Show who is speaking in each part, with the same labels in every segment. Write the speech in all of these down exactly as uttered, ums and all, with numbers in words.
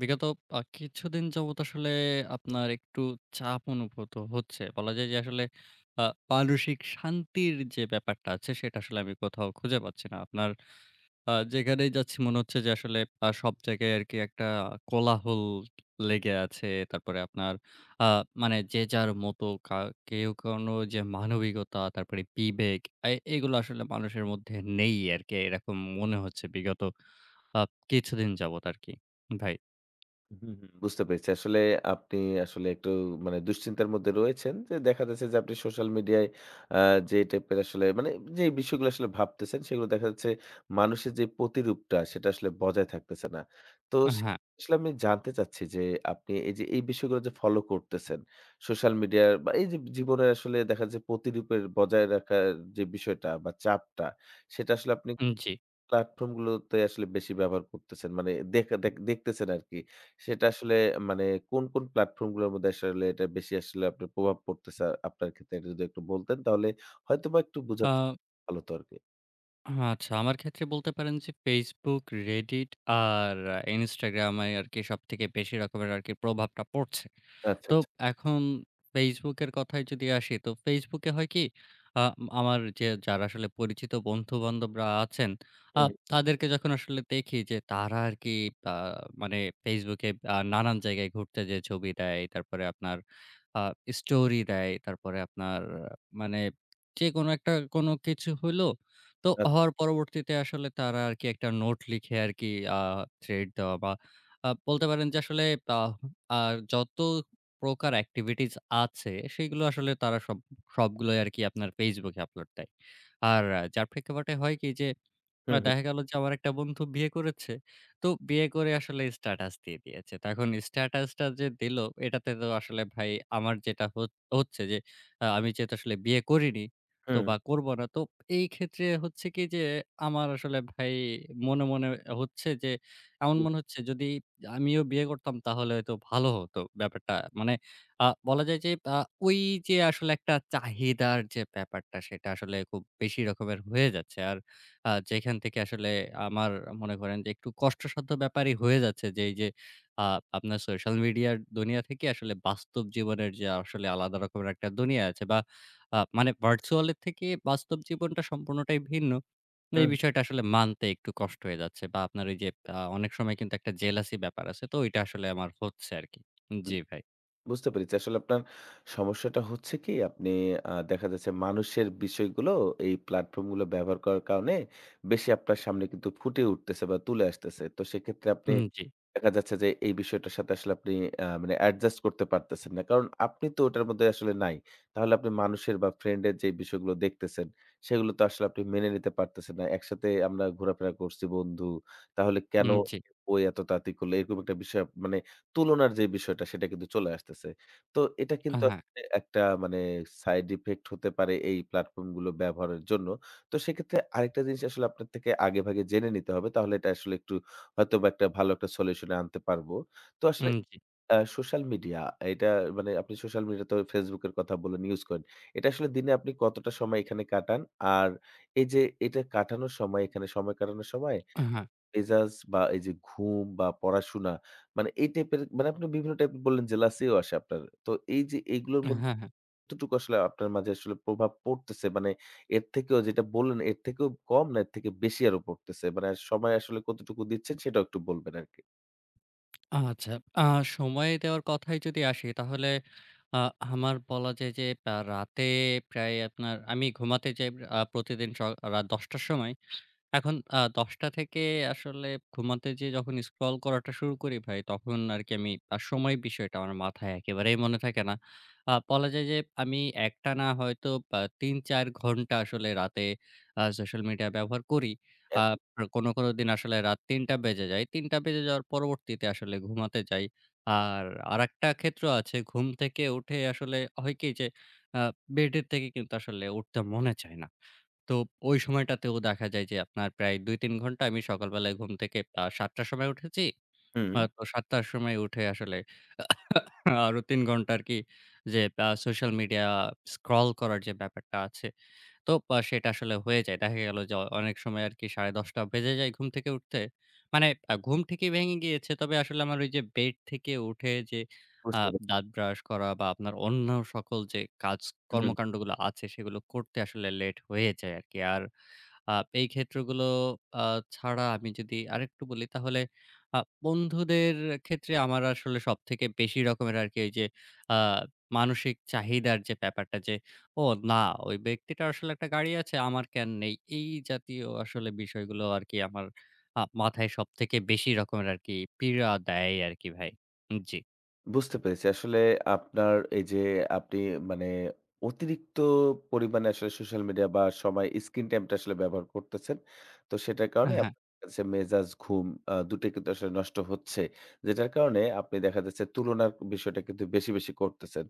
Speaker 1: বিগত আ কিছুদিন যাবত আসলে আপনার একটু চাপ অনুভূত হচ্ছে। বলা যায় যে, আসলে আ মানসিক শান্তির যে ব্যাপারটা আছে, সেটা আসলে আমি কোথাও খুঁজে পাচ্ছি না। আপনার আ যেখানেই যাচ্ছি মনে হচ্ছে যে আসলে আ সব জায়গায় আরকি একটা কোলাহল লেগে আছে, তারপরে আপনার আ মানে যে যার মতো কা কেউ কোনো যে মানবিকতা, তারপরে বিবেক অ্যা এগুলো আসলে মানুষের মধ্যে নেই আরকি, এরকম মনে হচ্ছে বিগত আ কিছুদিন যাবত আরকি, ভাই।
Speaker 2: হুম, হুম, বুঝতে পেরেছি, আসলে আপনি আসলে একটু মানে দুশ্চিন্তার মধ্যে রয়েছেন, যে দেখা যাচ্ছে যে আপনি social media-য় আ যে type-এর আসলে, মানে যে বিষয়গুলো আসলে ভাবতেছেন, সেগুলো দেখা যাচ্ছে মানুষের যে প্রতিরূপটা সেটা আসলে বজায় থাকতেছে না। তো
Speaker 1: আ
Speaker 2: সে
Speaker 1: হ্যাঁ।
Speaker 2: [unintelligible] সলে আমি জানতে চাচ্ছি যে, আপনি এইযে এই বিষয়গুলো যে follow করতেছেন, social media-র বা এইযে জীবনে আসলে দেখা যায় প্রতিরূপের বজায় রাখার যে বিষয়টা বা চাপটা, সেটা আসলে আপনি
Speaker 1: উম জি।
Speaker 2: platform গুলোতে আসলে বেশি ব্যবহার করতেছেন, মানে দেখা দেখ দেখতেছেন আরকি, সেটা আসলে মানে কোন, কোন platform গুলোর মধ্যে আসলে এটার বেশি আসলে আপনার প্রভাব পড়তেছে আপনার ক্ষেত্রে? এটা যদি একটু বলতেন তাহলে হয়তোবা একটু বুঝা [unintelligible]
Speaker 1: আ
Speaker 2: ভালো আরকি।
Speaker 1: হা আচ্ছা আমার ক্ষেত্রে বলতে পারেন যে Facebook, Reddit আর আ Instagram ই আরকি সবথেকে বেশি রকমের আরকি প্রভাবটা পড়ছে।
Speaker 2: আচ্ছা,
Speaker 1: তো
Speaker 2: আচ্ছা।
Speaker 1: এখন Facebook এর কথায় যদি আসি, তো Facebook এ হয় কি? আম আমার যে যারা আসলে পরিচিত বন্ধু-বান্ধবরা আছেন আ
Speaker 2: উহুম।
Speaker 1: তাদেরকে যখন আসলে দেখি যে, তারা আরকি বা মানে Facebook এ আ নানান জায়গায় ঘুরতে যেয়ে ছবি দেয়, তারপরে আপনার আ story দেয়, তারপরে আপনার আ মানে যেকোনো একটা কোনো কিছু হইলো, তো
Speaker 2: আ
Speaker 1: হওয়ার পরবর্তীতে আসলে তারা আরকি একটা নোট লিখে আরকি আ thread দেওয়া বা আ বলতে পারেন যে আসলে বা আ যত প্রকার activities আছে, সেগুলো আসলে তারা সব সবগুলোই আরকি আপনার Facebook এ upload দেয়। আর আ যার প্রেক্ষাপটে হয় কি? যে, অ্যা
Speaker 2: হুম, হু।
Speaker 1: দেখা গেল যে আমার একটা বন্ধু বিয়ে করেছে, তো বিয়ে করে আসলে status দিয়ে দিয়েছে। তো এখন status টা যে দিলো, এটাতে তো আসলে ভাই আমার যেটা হোচ হচ্ছে যে, আ আমি যেহেতু আসলে বিয়ে করিনি, তো
Speaker 2: হুম।
Speaker 1: বা করবো না, তো এই ক্ষেত্রে হচ্ছে কি যে আমার আসলে ভাই মনে, মনে হচ্ছে যে এমন
Speaker 2: হু।
Speaker 1: মনে হচ্ছে যদি আমিও বিয়ে করতাম তাহলে হয়তো ভালো হতো ব্যাপারটা, মানে আ বলা যায় যে আ ওইযে আসলে একটা চাহিদার যে ব্যাপারটা, সেটা আসলে খুব বেশি রকমের হয়ে যাচ্ছে। আর আ যেখান থেকে আসলে আমার মনে করেন যে একটু কষ্টসাধ্য ব্যাপারই হয়ে যাচ্ছে যে, এইযে আ আপনার social media র দুনিয়া থেকে আসলে বাস্তব জীবনের যে আসলে আলাদা রকমের একটা দুনিয়া আছে বা আ মানে virtual এর থেকে বাস্তব জীবনটা সম্পূর্ণটাই ভিন্ন। উম এই
Speaker 2: উহুম।
Speaker 1: বিষয়টা আসলে মানতে একটু কষ্ট হয়ে যাচ্ছে বা আপনার ওইযে আ অনেক সময় কিন্তু একটা jealousy ব্যাপার আসে, তো ওইটা আসলে আমার হচ্ছে আরকি। উ
Speaker 2: হু,
Speaker 1: জি, ভাই।
Speaker 2: বুঝতে পেরেছি, আসলে আপনার সমস্যাটা হচ্ছে কি? আপনি আ দেখা যাচ্ছে মানুষের বিষয়গুলো এই platform গুলো ব্যবহার করার কারণে বেশি আপনার সামনে কিন্তু ফুটে উঠতেছে বা তুলে আসতেছে। তো সেক্ষেত্রে
Speaker 1: হু,
Speaker 2: আপনি
Speaker 1: হুম, জি।
Speaker 2: দেখা যাচ্ছে যে এই বিষয়টার সাথে আসলে আপনি অ্যা মানে adjust করতে পারতেছেন না, কারণ আপনি তো ওটার মধ্যে আসলে নাই। তাহলে আপনি মানুষের বা friend এর যেই বিষয়গুলো দেখতেছেন, সেগুলো তো আসলে আপনি মেনে নিতে পারতেছেন না। "একসাথে আমরা ঘোরাফেরা করছি বন্ধু, তাহলে কেনো
Speaker 1: উম, জি।
Speaker 2: [unintelligible] ও এতো তাড়াতাড়ি করলো?" এরকম একটা বিষয় মানে তুলনার যে বিষয়টা, সেটা কিন্তু চলে আসতেছে। তো এটা
Speaker 1: আ
Speaker 2: কিন্তু
Speaker 1: হ্যাঁ।
Speaker 2: আসলে একটা মানে side effect হতে পারে এই platform গুলো ব্যবহারের জন্য। তো সেক্ষেত্রে আরেকটা জিনিস আসলে আপনার থেকে আগে-ভাগে জেনে নিতে হবে, তাহলে এটা আসলে একটু হয়তোবা একটা ভালো একটা solution এ আনতে পারবো। তো আসলে
Speaker 1: উম, জি।
Speaker 2: অ্যা social media এটা মানে আপনি social media তবে Facebook এর কথা বলেন use করেন, এটা আসলে দিনে আপনি কতটা সময় এখানে কাটান? আর এইযে এটা কাটানোর সময় এখানে সময় কাটানোর সময়
Speaker 1: আ হ্যাঁ।
Speaker 2: মেজাজ বা এইযে ঘুম বা পড়াশোনা, মানে এই type এর মানে, আপনি বিভিন্ন type এর বললেন যে jealousy ও আসে আপনার, তো এইযে এইগুলোর
Speaker 1: এ
Speaker 2: মধ্যে [unintelligible]
Speaker 1: হ্যাঁ, হ্যাঁ।
Speaker 2: কতটুকু আসলে আপনার মাঝে আসলে প্রভাব পড়তেছে, মানে এর থেকেও যেটা বললেন এর থেকেও কম না এর থেকে বেশি আরও পড়তেছে? মানে আ সময় আসলে কতটুকু দিচ্ছেন? সেটাও একটু বলবেন আরকি।
Speaker 1: আ আচ্ছা। আ সময় দেওয়ার কথায় যদি আসি তাহলে আ আমার বলা যায় যে আ রাতে প্রায় আপনার আমি ঘুমাতে যাই প আ প্রতিদিন স রাত দশটা র সময়। এখন আ দশটা থেকে আসলে ঘুমাতে যেয়ে যখন scroll করাটা শুরু করি ভাই তখন আরকি আমি আ সময়ের বিষয়টা আমার মাথায় একেবারেই মনে থাকে না। আ বলা যায় যে আমি একটানা হয়তো অ্যা তিন, চার ঘণ্টা আসলে রাতে অ্যা social media ব্যবহার করি। আ
Speaker 2: [unintelligible]
Speaker 1: রো কোনো, কোনো দিন আসলে রাত তিনটা বেজে যায়। তিনটা বেজে যাওয়ার পরবর্তীতে আসলে ঘুমাতে যাই। আর আরেকটা ক্ষেত্র আছে ঘুম থেকে উঠে আসলে হয় কি? যে আ bed এর থেকে কিন্তু আসলে উঠতে মনে চায় না। তো ওই সময়টাতেও দেখা যায় যে আপনার প্রায় দুই, তিন ঘণ্টা আমি সকালবেলায় ঘুম থেকে আ সাতটা র সময় উঠেছি, আ
Speaker 2: হুম।
Speaker 1: তো সাতটা র সময় উঠে আসলে আরও তিন ঘণ্টা আরকি যে আ social media scroll করার যে ব্যাপারটা আছে তো আ সেটা আসলে হয়ে যায়। দেখা গেল যে অ অনেক সময় আরকি সাড়ে দশটা বেজে যায় ঘুম থেকে উঠতে। মানে আ ঘুম থেকেই ভেঙে গিয়েছে তবে আসলে আমার ওই যে bed থেকে উঠে যে আ
Speaker 2: বুঝতে পে
Speaker 1: দাঁত brush করা বা আপনার অন্য সকল যে কাজ
Speaker 2: হুম।
Speaker 1: কর্মকান্ডগুলো আছে সেগুলো করতে আসলে late হয়ে যায় আরকি। আর আ এই ক্ষেত্রগুলো আ ছাড়া আমি যদি আরেকটু বলি, তাহলে আ বন্ধুদের ক্ষেত্রে আমার আসলে সবথেকে বেশি রকমের আরকি ওই যে আ মানসিক চাহিদার যে ব্যাপারটা যে, "ও না ওই ব্যক্তিটার আসলে একটা গাড়ি আছে আমার কেন নেই?" এই জাতীয় আসলে বিষয়গুলো আরকি আমার আ মাথায় সবথেকে বেশি রকমের আরকি পীড়া দেয় আরকি ভাই। হু, জি।
Speaker 2: বুঝতে পেরেছি। আসলে আপনার এই যে আপনি মানে অতিরিক্ত পরিমাণে আসলে social media বা সময় screen time টা আসলে ব্যবহার করতেছেন। তো সেটার
Speaker 1: হ্যাঁ,
Speaker 2: কারণে
Speaker 1: হ্যাঁ।
Speaker 2: আপনার কাছে মেজাজ, ঘুম, আ দু টোই কিন্তু আসলে নষ্ট হচ্ছে। যেটার কারণে আপনি দেখা যাচ্ছে তুলনার বিষয়টা কিন্তু বেশি, বেশি করতেছেন।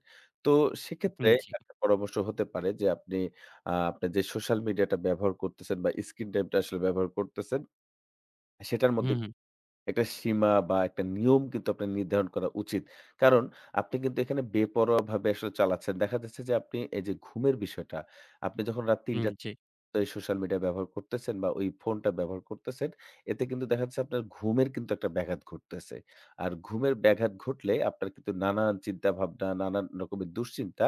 Speaker 2: তো সেক্ষেত্রে
Speaker 1: হুম, জি।
Speaker 2: একটা পরামর্শ হতে পারে যে আপনি আ আপনার যে social media টা ব্যবহার করতেছেন বা screen time টা আসলে ব্যবহার করতেছেন সেটার
Speaker 1: হুম,
Speaker 2: মধ্যে
Speaker 1: হুম।
Speaker 2: একটা সীমা বা একটা নিয়ম কিন্তু আপনার নির্ধারণ করা উচিত। কারণ আপনি কিন্তু এখানে বেপরোয়াভাবে আসলে চালাচ্ছেন। দেখা যাচ্ছে যে আপনি এই যে ঘুমের বিষয়টা আপনি যখন রাত তিনটা
Speaker 1: হুম,
Speaker 2: থেকে
Speaker 1: জি।
Speaker 2: এই social media ব্যবহার করতেছেন বা ওই phone টা ব্যবহার করতেছেন এতে কিন্তু দেখা যাচ্ছে আপনার ঘুমের কিন্তু একটা ব্যাঘাত ঘটতেছে। আর ঘুমের ব্যাঘাত ঘটলে আপনার কিন্তু নানান চিন্তা ভাবনা, নানান রকমের দুশ্চিন্তা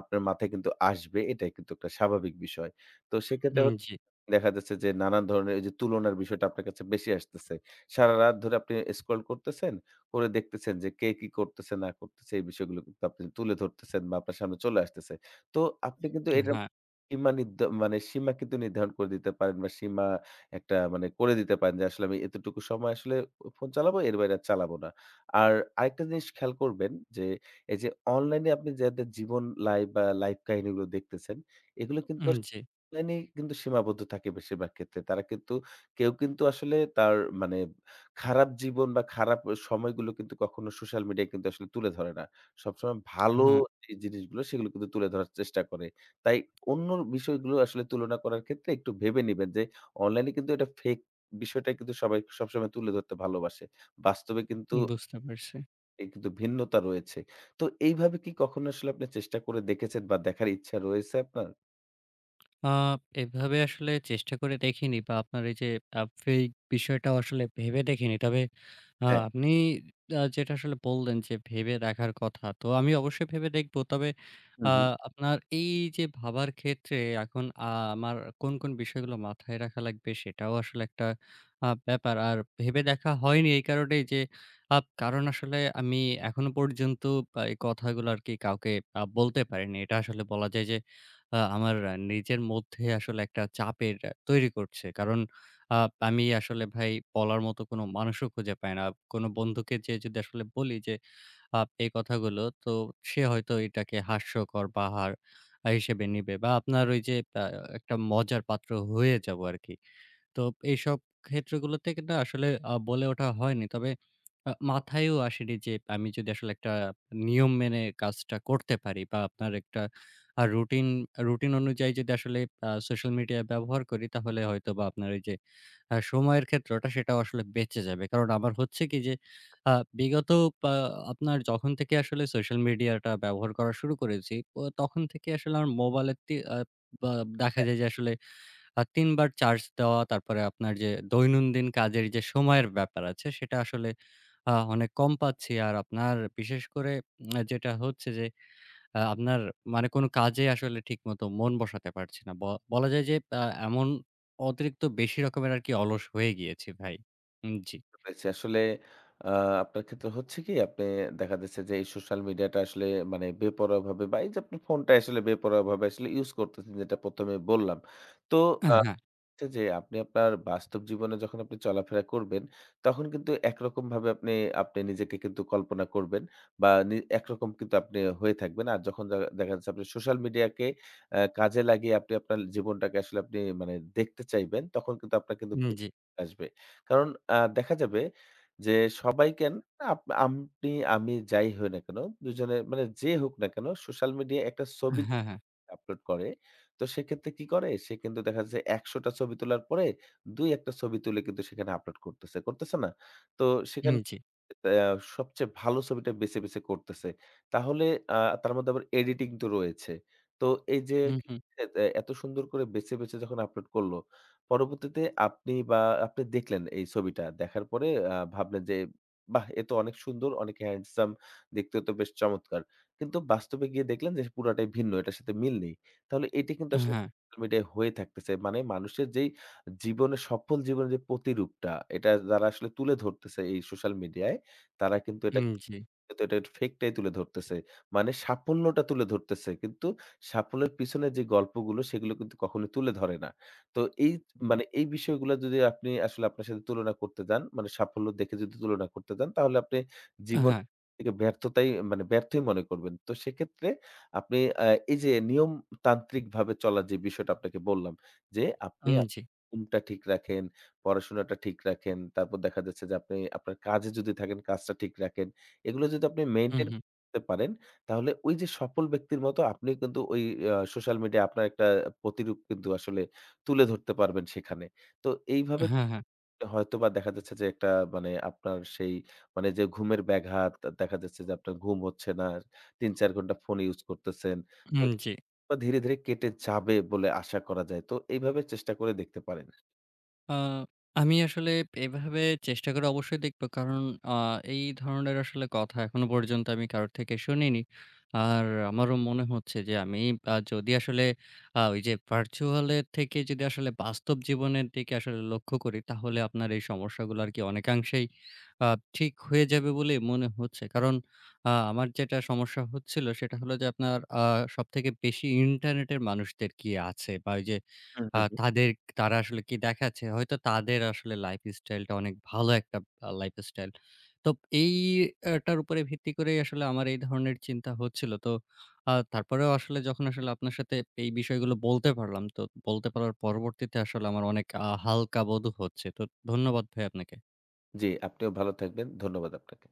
Speaker 2: আপনার মাথায় কিন্তু আসবে। এটাই কিন্তু একটা স্বাভাবিক বিষয়। তো সেক্ষেত্রে
Speaker 1: হুম, জি।
Speaker 2: দেখা যাচ্ছে যে নানান ধরনের এই যে তুলনার বিষয়টা আপনার কাছে বেশি আসতেছে। সারারাত ধরে আপনি আ scroll করতেছেন, করে দেখতেছেন যে কে কি করতেছে না করতেছে। এই বিষয়গুলো কিন্তু আপনি তুলে ধরতেছেন বা আপনার সামনে চলে আসতেছে। তো আপনি কিন্তু
Speaker 1: আ
Speaker 2: এটার
Speaker 1: হ্যাঁ।
Speaker 2: সীমা নির্ধ কিন্তু নির্ধারণ করে দিতে পারেন বা সীমা একটা মানে করে দিতে পারেন যে আসলে আমি এতটুকু সময় আসলে অ phone চালাবো, এর বাইরে আর চালাবো না। আর আরেকটা জিনিস খেয়াল করবেন যে এই যে online এ আপনি যাদের জীবন লাইফ বা life কাহিনীগুলো দেখতেছেন এগুলো কিন্তু
Speaker 1: হুম,
Speaker 2: য়াস
Speaker 1: জি।
Speaker 2: online এ কিন্তু সীমাবদ্ধ থাকে বেশিরভাগ ক্ষেত্রে। তারা কিন্তু কেউ কিন্তু আসলে তার মানে খারাপ জীবন বা খারাপ এ সময়গুলো কিন্তু কখনো social media কিন্তু আসলে তুলে ধরে না। সবসময় ভালো
Speaker 1: হ্যাঁ।
Speaker 2: যেই জিনিসগুলো সেগুলো কিন্তু তুলে ধরার চেষ্টা করে। তাই অন্য বিষয়গুলো আসলে তুলনা করার ক্ষেত্রে একটু ভেবে নিবেন যে online এ কিন্তু এটা fake বিষয়টাই কিন্তু সবাই সবসময় তুলে ধরতে ভালোবাসে। বাস্তবে কিন্তু
Speaker 1: উম, বুঝতে পারছি।
Speaker 2: এই কিন্তু ভিন্নতা রয়েছে। তো এইভাবে কি কখনো আসলে আপনি চেষ্টা করে দেখেছেন বা দেখার ইচ্ছা রয়েছে আপনার?
Speaker 1: আ এভাবে আসলে চেষ্টা করে দেখিনি বা আপনার এই যে আ এই fake বিষয়টাও আসলে ভেবে দেখিনি। তবে আ
Speaker 2: হ্যাঁ।
Speaker 1: আপনি যেটা আসলে বললেন যে ভেবে দেখার কথা, তো আমি অবশ্যই ভেবে দেখব। তবে
Speaker 2: হু,
Speaker 1: আ
Speaker 2: হু।
Speaker 1: আপনার এই যে ভাবার ক্ষেত্রে এখন আ আমার কোন কোন বিষয়গুলো মাথায় রাখা লাগবে সেটাও আসলে একটা আ ব্যাপার। আর ভেবে দেখা হয়নি এই কারণেই যে, আ কারণ আসলে আমি এখনো পর্যন্ত এই ক কথাগুলো আর কি কাউকে বলতে পারিনি। এটা আসলে বলা যায় যে আ আমার নিজের মধ্যে আসলে একটা চাপের তৈরি করছে। আ কারণ আমি আসলে ভাই বলার মতো কোন মানুষও খুঁজে পাই না। কোন বন্ধুকে যে যদি আসলে বলি যে আ এই কথাগুলো তো সে হয়তো এটাকে হাস্যকর বা হার হিসেবে নিবে বা আপনার ওই যে আ একটা মজার পাত্র হয়ে যাব আর কি। তো এইসব ক্ষেত্রগুলোতে কিন্তু আসলে আ বলে ওঠা হয়নি। তবে মাথায়ও আসেনি যে আমি যদি আসলে একটা নিয়ম মেনে কাজটা করতে পারি বা আপনার একটা আ রুটিন, রুটিন অনুযায়ী যদি আসলে সোশ্যাল মিডিয়া ব্যবহার করি তাহলে হয়তো বা আপনার ওই যে আ সময়ের ক্ষেত্রটা সেটাও আসলে বেঁচে যাবে। কারণ আমার হচ্ছে কি যে আ বিগত পা আপনার যখন থেকে আসলে সোশ্যাল মিডিয়াটা ব্যবহার করা শুরু করেছি তখন থেকে আসলে আমার মোবাইলে তি আ বা আ দেখা
Speaker 2: হ্যাঁ।
Speaker 1: যায় যে আসলে আ তিন বার চার্জ দেওয়া তারপরে আপনার যে দৈনন্দিন কাজের যে সময়ের ব্যাপার আছে সেটা আসলে আ অনেক কম পাচ্ছি। আর আপনার বিশেষ করে উম যেটা হচ্ছে যে আ আপনার মানে কোন কাজেই আসলে ঠিকমতো মন বসাতে পারছি না। ব বলা যায় যে আ এমন অতিরিক্ত বেশি রকমের আর কি অলস হয়ে গিয়েছি ভাই। উম জি।
Speaker 2: [unintelligible] আসলে আ আপনার ক্ষেত্রে হচ্ছে কি আপনি দেখা যাচ্ছে যে এই social media টা আসলে মানে বেপরোয়াভাবে বা এই যে আপনি phone টা আসলে বেপরোয়াভাবে আসলে use করতেছেন যেটা প্রথমে বললাম। তো
Speaker 1: আ
Speaker 2: আ
Speaker 1: হ্যাঁ।
Speaker 2: যে আপনি আপনার বাস্তব জীবনে যখন আপনি চলাফেরা করবেন তখন কিন্তু একরকমভাবে আপনি, আপনি নিজেকে কিন্তু কল্পনা করবেন বা নি একরকম কিন্তু আপনি হয়ে থাকবেন। আর যখন দেখা যাচ্ছে আপনি social media কে আ কাজে লাগিয়ে আপনি আপনার জীবনটাকে আসলে আপনি মানে দেখতে চাইবেন, তখন কিন্তু আপনার কিন্তু
Speaker 1: উম
Speaker 2: [unintelligible]
Speaker 1: জি।
Speaker 2: আসবে। কারণ অ্যা দেখা যাবে যে সবাই কেন আপ আপনি, আমি যাই হই না কেন দুই জনের মানে যে হোক না কেন social media একটা ছবি
Speaker 1: হ্যাঁ, হ্যাঁ।
Speaker 2: upload করে। তো সেক্ষেত্রে কি করে? সে কিন্তু দেখা যাচ্ছে একশো টা ছবি তোলার পরে দুই-এক ছবি তুলে কিন্তু সেখানে upload করতেছে, করতেছে না? তো
Speaker 1: হুম,
Speaker 2: সেখানে
Speaker 1: জি।
Speaker 2: আ সবচেয়ে ভালো ছবিটা বেছে বেছে করতেছে। তাহলে আ তার মধ্যে আবার editing তো রয়েছে। তো এই যে
Speaker 1: হুম, হুম।
Speaker 2: এ এত সুন্দর করে বেছে বেছে যখন upload করলো পরবর্তীতে আপনি বা আপনি দেখলেন এই ছবিটা। দেখার পরে আ ভাবলেন যে বাহ! এ তো অনেক সুন্দর, অনেক handsome, দেখতে তো বেশ চমৎকার। কিন্তু বাস্তবে গিয়ে দেখলেন যে পুরোটাই ভিন্ন, এটার সাথে মিল নেই। তাহলে এটি কিন্তু
Speaker 1: আ
Speaker 2: আসলে
Speaker 1: হ্যাঁ।
Speaker 2: social media হয়ে থাকতেছে। মানে মানুষের যেই জীবনের সফল জীবনের যে প্রতিরূপটা এটা যারা আসলে তুলে ধরতেছে এই social media-ই তারা কিন্তু এটা
Speaker 1: হুম জি।
Speaker 2: কিন্তু এটার fake টাই তুলে ধরতেছে। মানে সাফল্যটা তুলে ধরতেছে কিন্তু সাফল্যের পিছনে যে গল্পগুলো সেগুলো কিন্তু কখনোই তুলে ধরে না। তো এই মানে এই বিষয়গুলো যদি আপনি আসলে আপনার সাথে তুলনা করতে যান, মানে সাফল্য দেখে যদি তুলনা করতে যান তাহলে আপনি
Speaker 1: আ হ্যাঁ।
Speaker 2: জীবনকে ব্যর্থতাই মানে ব্যর্থই মনে করবেন। তো সেক্ষেত্রে আপনি আ এই যে নিয়ম তান্ত্রিকভাবে চলার যে বিষয়টা আপনাকে বললাম যে আপনি
Speaker 1: হুম
Speaker 2: [unintelligible]
Speaker 1: জি।
Speaker 2: ঘুমটা ঠিক রাখেন, পড়াশোনাটা ঠিক রাখেন। তারপর দেখা যাচ্ছে যে, আপনি আপনার কাজে যদি থাকেন কাজটা ঠিক রাখেন। এগুলো যদি আপনি
Speaker 1: হুম,
Speaker 2: maintain
Speaker 1: হুম।
Speaker 2: করতে পারেন তাহলে ওই যে সফল ব্যক্তির মতো আপনি কিন্তু ওই আ social media আপনার একটা প্রতিরূপ কিন্তু আসলে তুলে ধরতে পারবেন সেখানে। তো এইভাবে
Speaker 1: হ্যাঁ, হ্যাঁ।
Speaker 2: হয়তোবা দেখা যাচ্ছে যে একটা মানে আপনার সেই মানে যে ঘুমের ব্যাঘাত, দেখা যাচ্ছে যে আপনার ঘুম হচ্ছে না, তিন-চার ঘণ্টা phone use করতেছেন।
Speaker 1: উম
Speaker 2: তো
Speaker 1: জি।
Speaker 2: ধীরে, ধীরে কেটে যাবে বলে আশা করা যায়। তো এইভাবে চেষ্টা করে দেখতে পারেন।
Speaker 1: আ আমি আসলে এভাবে চেষ্টা করে অবশ্যই দেখব। কারণ আ এই ধরনের আসলে কথা এখনো পর্যন্ত আমি কারো থেকে শুনিনি। আর আমারও মনে হচ্ছে যে আমি আ যদি আসলে আ ওই যে ভার্চুয়ালের থেকে যদি আসলে বাস্তব জীবনের দিকে আসলে লক্ষ্য করি তাহলে আপনার এই সমস্যাগুলো আর কি অনেকাংশেই আ ঠিক হয়ে যাবে বলে মনে হচ্ছে। কারণ আ আমার যেটা সমস্যা হচ্ছিল সেটা হলো যে আপনার আ সবথেকে বেশি ইন্টারনেটের মানুষদের কি আছে বা ওই যে
Speaker 2: হুম, হুম, হুম।
Speaker 1: তাদের তারা আসলে কি দেখাচ্ছে। হয়তো তাদের আসলে লাইফস্টাইলটা অনেক ভালো একটা লাইফস্টাইল। তো এইটার উপরে ভিত্তি করেই আসলে আমার এই ধরনের চিন্তা হচ্ছিল। তো আ তারপরেও আসলে যখন আসলে আপনার সাথে এই বিষয়গুলো বলতে পারলাম তো বলতে পারার পরবর্তীতে আসলে আমার অনেক আ হালকা বোধ হচ্ছে। তো ধন্যবাদ ভাই আপনাকে।
Speaker 2: জি, আপনিও ভালো থাকবেন। ধন্যবাদ আপনাকে।